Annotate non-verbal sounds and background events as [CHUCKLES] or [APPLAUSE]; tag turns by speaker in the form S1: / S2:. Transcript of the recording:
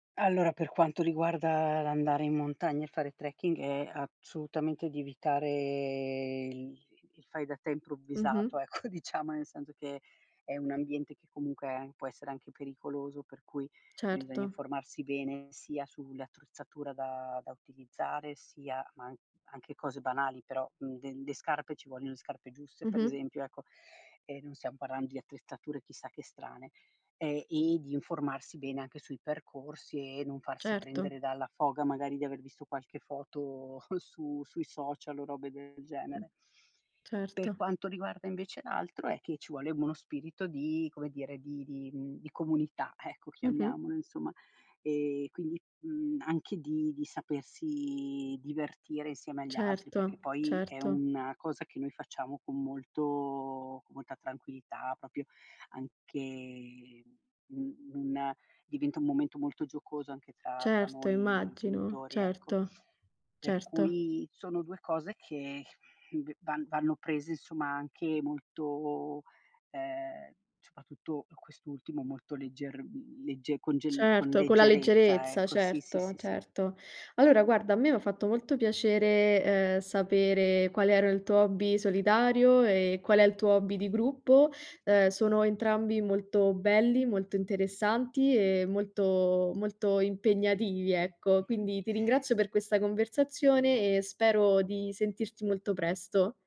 S1: Allora, per quanto riguarda l'andare in montagna e fare trekking è assolutamente di evitare il il fai da te
S2: Mh-mh.
S1: improvvisato, ecco. Diciamo, nel senso che è un ambiente che comunque può essere anche pericoloso, per cui bisogna
S2: Certo.
S1: informarsi bene, sia sull'attrezzatura da da utilizzare, sia ma an anche cose banali, però, nde le scarpe, ci vogliono le scarpe giuste per
S2: Mh-mh.
S1: esempio, ecco, e non stiam parlando di attrezzature chissà che strane, ehm, e di informarsi bene anche sui percorsi e non farsi
S2: Certo.
S1: prendere dalla foga magari di aver visto qualche foto [SCOFFS] su sui social o robe del genere.
S2: Certo.
S1: Per quanto riguarda invece l'altro, è che ci vuole uno spirito di, come dire, di di, mhmm, di comunità, ecco,
S2: Mh-mh.
S1: chiamiamolo insomma. E quindi, mhmm, anche di di sapersi divertire insieme agli altri, perché
S2: Certo,
S1: poi è
S2: certo.
S1: una cosa che noi facciamo con molto con molta tranquillità proprio, anche un una diventa un momento molto giocoso anche tra tra
S2: Certo,
S1: noi
S2: immagino.
S1: genitori, ecco.
S2: Certo.
S1: Per
S2: Certo.
S1: cui sono 2 cose che v van vanno prese insomma anche molto, ehm, soprattutto per quest'ultimo, molto legger mhmm, legge con gel con
S2: Certo, con la
S1: leggerezza
S2: leggerezza.
S1: ecco, sì, sì,
S2: Certo,
S1: sì, sì.
S2: certo. Allora guarda, a me m'ha fatto molto piacere, ehm, sapere qual era il tuo hobby solitario e qual è il tuo hobby di gruppo. Uhm, sono entrambi molto belli, molto interessanti e molto, molto impegnativi, ecco.
S1: [CHUCKLES]
S2: Quindi, ti ringrazio per questa conversazione e spero di sentirti molto presto.